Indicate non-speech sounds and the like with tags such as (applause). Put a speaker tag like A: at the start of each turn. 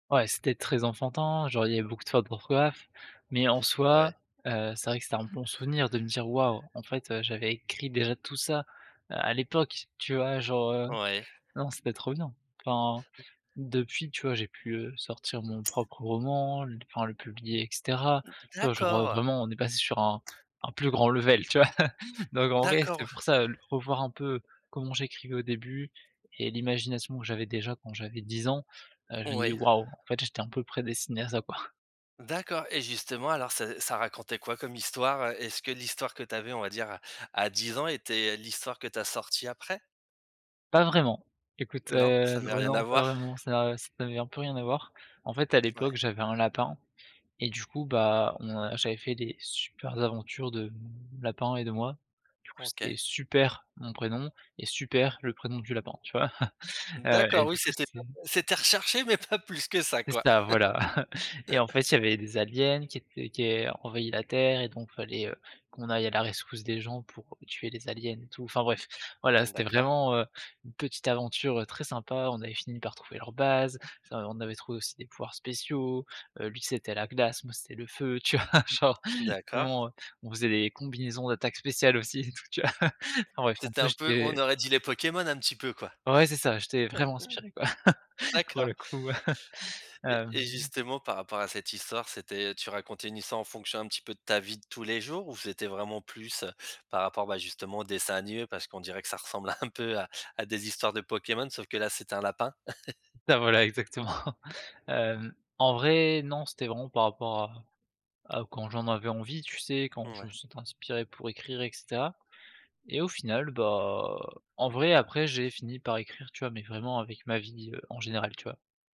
A: Ouais, c'était très enfantin, genre il y avait beaucoup de fautes d'orthographe, mais en soi,
B: Ouais.
A: heu, c'est vrai que c'était un bon souvenir de me dire: «Waouh, en fait, heu, j'avais écrit déjà tout ça à l'époque» tu vois? Genre, heu,
B: Ouais.
A: non c'était trop bien. Enfin depuis, tu vois? J'ai pu, heu, sortir mon propre roman, enfin le publier et cetera, tu vois? Genre, heu,
B: D'accord.
A: vraiment on est passé sur un un plus grand level, tu vois? (chuckles) Donc en vrai c'est
B: D'accord.
A: pour ça le revoir un peu comment j'écrivais au début et l'imagination que j'avais déjà quand j'avais 10 ans, heu, je me dis:
B: Oui.
A: «Waouh, en fait j'étais un peu prédestiné à ça quoi».
B: D'accord et justement, alors ça ça racontait quoi comme histoire? Est-ce que l'histoire que tu avais, on va dire, à 10 ans était l'histoire que tu as sortie après?
A: Pas vraiment, écoute,
B: Non, ça
A: heu
B: avait
A: ouais,
B: rien à
A: non pas
B: voir?
A: vraiment, ça ça n'avait un peu rien à voir. En fait à
B: Ouais.
A: l'époque j'avais un lapin, et du coup, bah, on j'avais fait des super aventures de lapin et de moi, du coup
B: OK.
A: c'était Super, mon prénom et Super le prénom du lapin, tu vois? (chuckles) Heu,
B: D'accord
A: et
B: oui,
A: du coup
B: c'était (unintelligible)
A: c'était
B: c'était recherché, mais pas plus que ça
A: C'est
B: quoi?
A: ça voilà. (chuckles) Et en fait il y avait des aliens qui étaient qui aient envahit la terre et donc fallait heu, qu'on aille à la rescousse des gens pour tuer les aliens et tout. Enfin bref, voilà c'était
B: D'accord.
A: vraiment heu, une petite aventure très sympa. On avait fini par trouver leur base, ça v on avait trouvé aussi des pouvoirs spéciaux, heu, lui c'était la glace, moi, c'était le feu. Tu vois? Genre, mais
B: D'accord.
A: bon, on faisait des combinaisons d'attaques spéciales aussi et tout, tu vois? (chuckles) Enfin bref, en
B: C'était
A: plus
B: un peu
A: j'étais
B: on aurait dit les Pokémon un petit peu quoi?
A: Ouais, ouais. C'est ça j'étais vraiment inspiré quoi
B: (chuckles)
A: pour
B: D'accord.
A: le coup,
B: Et et
A: hem
B: justement par rapport à cette histoire, c'était tu racontais une histoire en fonction un petit peu de ta vie de tous les jours ou c'était vraiment plus par rapport, bah, justement aux dessins animés? Parce qu'on dirait que ça ressemble un (chuckles) peu à à des histoires de Pokémon sauf que là, c'était un lapin? (chuckles)
A: Bah, voilà exactement. (chuckles) Hem, en vrai non c'était vraiment par rapport à à quand j'en avais envie, tu sais? Quand je
B: Ouais.
A: me sentais inspiré pour écrire et cetera et au final, bah, en vrai après j'ai fini par écrire, tu vois? Mais vraiment avec ma vie, heu, en général, tu vois?